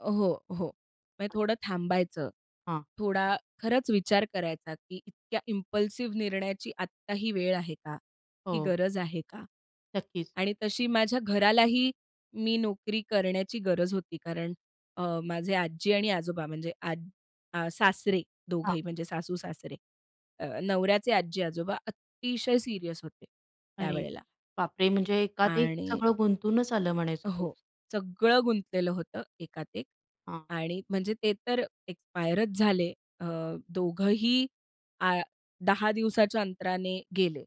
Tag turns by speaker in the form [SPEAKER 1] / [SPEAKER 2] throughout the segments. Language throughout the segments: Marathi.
[SPEAKER 1] अ, हो, हो. म्हणजे थोडं थांबायचं.
[SPEAKER 2] हां.
[SPEAKER 1] थोडा खरंच विचार करायचा, की इतक्या इम्पल्सिव्ह निर्णयाची आत्ता ही वेळ आहे का? ती
[SPEAKER 2] हो.
[SPEAKER 1] गरज आहे का
[SPEAKER 2] नक्कीच.
[SPEAKER 1] आणि तशी माझ्या घरालाही मी नोकरी करण्याची गरज होती, कारण अ, माझे आजी आणि आजोबा म्हणजे आज अ, सासरे
[SPEAKER 2] हां.
[SPEAKER 1] दोघंही म्हणजे सासू-सासरे. अ, नवऱ्याचे आज्जी-आजोबा अतिशय सीरियस होते
[SPEAKER 2] अरे.
[SPEAKER 1] त्यावेळेला.
[SPEAKER 2] बापरे! म्हणजे एकात एक
[SPEAKER 1] आणि
[SPEAKER 2] सगळं गुंतूनच आलं म्हणायचं
[SPEAKER 1] हो,
[SPEAKER 2] तुमचं.
[SPEAKER 1] सगळं गुंतलेलं होतं एकात एक.
[SPEAKER 2] हां.
[SPEAKER 1] आणि म्हणजे ते तर एक्सपायरचं झाले अ, दोघंही आ 10 दिवसाच्या अंतराने गेले.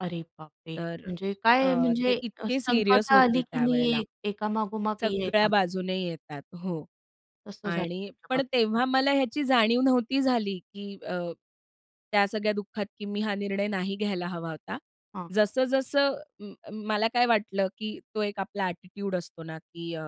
[SPEAKER 2] अरे बापरे!
[SPEAKER 1] तर
[SPEAKER 2] म्हणजे काय
[SPEAKER 1] अ, ते
[SPEAKER 2] म्हणजे अ,
[SPEAKER 1] इतके सीरियस
[SPEAKER 2] संकटं
[SPEAKER 1] होते
[SPEAKER 2] आली की
[SPEAKER 1] त्यावेळेला
[SPEAKER 2] नाही एका मागोमाग एक
[SPEAKER 1] सगळ्या
[SPEAKER 2] येतात.
[SPEAKER 1] बाजूने येतात. हो.
[SPEAKER 2] तसं झालं
[SPEAKER 1] आणि
[SPEAKER 2] तुमच्या
[SPEAKER 1] पण
[SPEAKER 2] बाबतीत
[SPEAKER 1] तेव्हा
[SPEAKER 2] काहीतरी.
[SPEAKER 1] मला ह्याची जाणीव नव्हती झाली, की अ, त्या सगळ्या दुःखात की मी हा निर्णय नाही घ्यायला हवा होता.
[SPEAKER 2] हां.
[SPEAKER 1] जसं जसं म अ, मला काय वाटलं की तो एक आपला ॲटिट्यूड असतो ना, की अ,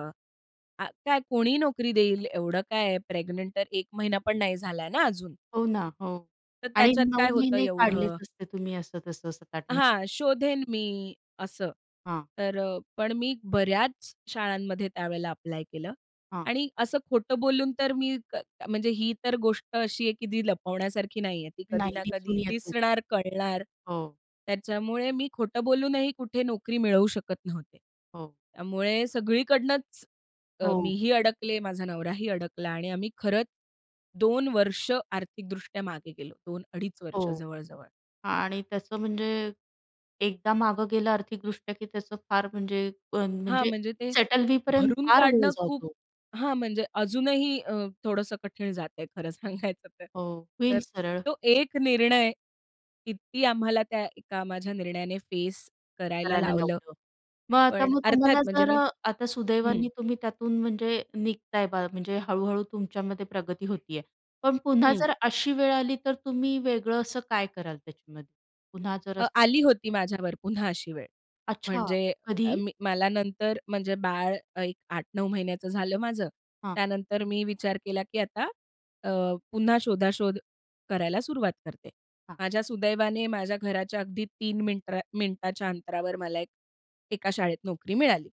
[SPEAKER 1] आ काय कोणीही नोकरी देईल, एवढं काय आहे, प्रेग्नंट तर 1 महिना पण नाही झालाय ना, अजून
[SPEAKER 2] हो ना, हो.
[SPEAKER 1] तर
[SPEAKER 2] आणि
[SPEAKER 1] त्याच्यात काय
[SPEAKER 2] 9
[SPEAKER 1] होतं
[SPEAKER 2] महिने काढलेच
[SPEAKER 1] एवढं?
[SPEAKER 2] असते तुम्ही असं, तसं, असं [unintelligible]
[SPEAKER 1] हां, शोधेन मी असं.
[SPEAKER 2] हां.
[SPEAKER 1] तर अ, पण मी बऱ्याच शाळांमध्ये त्यावेळेला ॲप्लाय केलं
[SPEAKER 2] हां.
[SPEAKER 1] आणि असं खोटं बोलून तर मी म्हणजे ही तर गोष्ट अशी आहे की ती लपवण्यासारखी नाहीये ती कधी
[SPEAKER 2] नाही,
[SPEAKER 1] ना कधी
[SPEAKER 2] दिसून येतचं.
[SPEAKER 1] दिसणार, कळणार.
[SPEAKER 2] हो.
[SPEAKER 1] त्याच्यामुळे मी खोटं बोलूनही कुठे नोकरी मिळवू शकत नव्हते.
[SPEAKER 2] हो.
[SPEAKER 1] त्यामुळे सगळीकडनंच अ, मी
[SPEAKER 2] हो.
[SPEAKER 1] ही अडकले माझा नवराही अडकला आणि आम्ही खरंच 2 वर्ष आर्थिक दृष्ट्या मागे गेलो. 2-2.5 वर्ष
[SPEAKER 2] हो.
[SPEAKER 1] जवळ, जवळ.
[SPEAKER 2] आणि तसं म्हणजे एकदा मागं गेल्या आर्थिकदृष्ट्या की तस फार म्हणजे अ,
[SPEAKER 1] हां,
[SPEAKER 2] म्हणजे
[SPEAKER 1] म्हणजे ते
[SPEAKER 2] सेटल होईपर्यंत
[SPEAKER 1] भरून
[SPEAKER 2] फार वेळ
[SPEAKER 1] काढणं खूप
[SPEAKER 2] जातो.
[SPEAKER 1] हां, म्हणजे अजूनही अ, थोडंसं कठीण जातंय खरं सांगायचं तर.
[SPEAKER 2] हो,
[SPEAKER 1] तर
[SPEAKER 2] होईल सरळ.
[SPEAKER 1] तो एक निर्णय कित्ती आम्हाला त्या एका माझ्या निर्णयाने फेस करायला
[SPEAKER 2] करायला
[SPEAKER 1] लावलं.
[SPEAKER 2] लावलं. मग आता
[SPEAKER 1] पण
[SPEAKER 2] मग
[SPEAKER 1] अर्थात
[SPEAKER 2] तुम्हाला
[SPEAKER 1] म्हणजे
[SPEAKER 2] जर
[SPEAKER 1] मी
[SPEAKER 2] अ, आता
[SPEAKER 1] हं.
[SPEAKER 2] सुदैवाने तुम्ही त्यातून म्हणजे निघताय बा म्हणजे हळू-हळू तुमच्यामध्ये प्रगती होतीय. पण पुन्हा
[SPEAKER 1] हं.
[SPEAKER 2] जर अशी वेळ आली तर तुम्ही वेगळं असं काय कराल त्याच्यामध्ये? पुन्हा जर
[SPEAKER 1] अ,
[SPEAKER 2] असं
[SPEAKER 1] आली होती माझ्यावर पुन्हा अशी वेळ.
[SPEAKER 2] अच्छा,
[SPEAKER 1] म्हणजे अ,
[SPEAKER 2] कधी?
[SPEAKER 1] मी मला नंतर म्हणजे बाळ एक 8-9 महिन्याचं झालं माझं.
[SPEAKER 2] हां.
[SPEAKER 1] त्यानंतर मी विचार केला की आता अ, पुन्हा शोधाशोध करायला सुरुवात करते.
[SPEAKER 2] हां.
[SPEAKER 1] माझ्या सुदैवाने माझ्या घराच्या अगदी 3 मिनत्रा मिनिटाच्या अंतरावर मला एक 1का शाळेत नोकरी मिळाली.